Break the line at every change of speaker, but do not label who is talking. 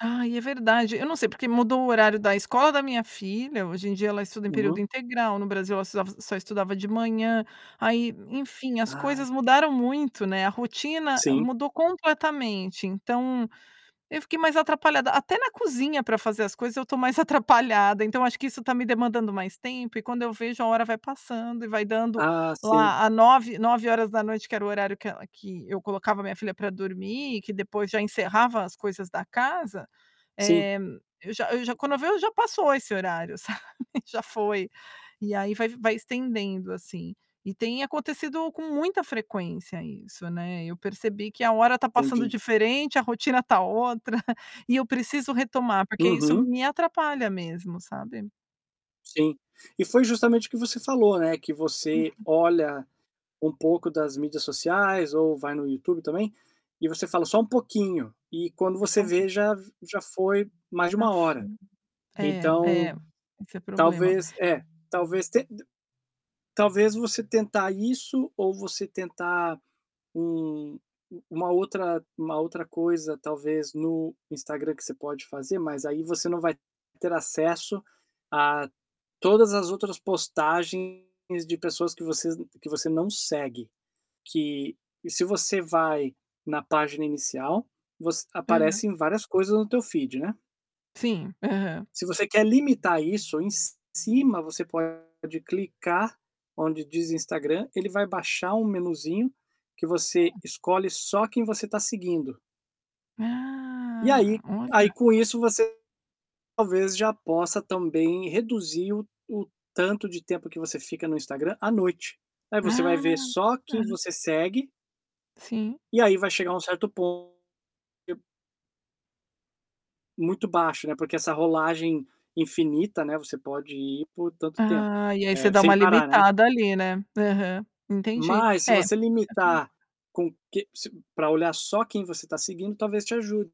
Ai, é verdade. Eu não sei, porque mudou o horário da escola da minha filha. Hoje em dia ela estuda em período
Uhum.
integral, no Brasil ela estudava só estudava de manhã. Aí, enfim, as
Ah.
coisas mudaram muito, né. A rotina
Sim.
mudou completamente. Então, eu fiquei mais atrapalhada. Até na cozinha pra fazer as coisas, eu tô mais atrapalhada. Então, acho que isso tá me demandando mais tempo e quando eu vejo a hora vai passando e vai dando
Ah, sim.
lá nove nove horas da noite que era o horário que ela que eu colocava minha filha pra dormir e que depois já encerrava as coisas da casa.
Sim.
Eh, eu já eu já quando eu vejo já passou esse horário, sabe, já foi. E aí vai vai estendendo assim. E tem acontecido com muita frequência isso, né. Eu percebi que a hora tá passando
Entendi.
diferente, a rotina tá outra. E eu preciso retomar, porque isso
Uhum.
me atrapalha mesmo, sabe.
Sim. E foi justamente o que você falou, né, que você
Uhum.
olha um pouco das mídias sociais ou vai no YouTube também e você fala só um pouquinho e quando
Só
você
um
vê
pouquinho.
já v já foi mais de 1 hora.
Assim é
Então,
é, esse é problema.
talvez É. Talvez tenta talvez você tentar isso ou você tentar um u uma outra uma outra coisa talvez no Instagram que você pode fazer, mas aí você não vai ter acesso a todas as outras postagens de pessoas que vocês n que você não segue. Que e se você vai na página inicial, você
Aham.
aparecem várias coisas no teu feed, né.
Sim, aham.
Se você quer limitar isso, em ci cima você pode clicar onde diz Instagram, ele vai baixar um menuzinho que você
Hum.
escolhe só quem você tá seguindo. E
Ah,
aí aí
olha.
com isso você talvez já possa também reduzir o o tanto de tempo que você fica no Instagram à noite. Aí você vai
Ah.
ver só quem
Ah.
você segue.
Sim.
E aí vai chegar um certo pon que o Muito baixo, né, porque essa rolagem infinita, né, você pode ir por tanto tempo,
Ah, e aí você
eh,
dá uma
sem parar, né.
limitada ali, né. Aham, entendi.
Mas se
É
você limitar
[unintelligible]
com que se pra olhar só quem você tá seguindo, talvez te ajude.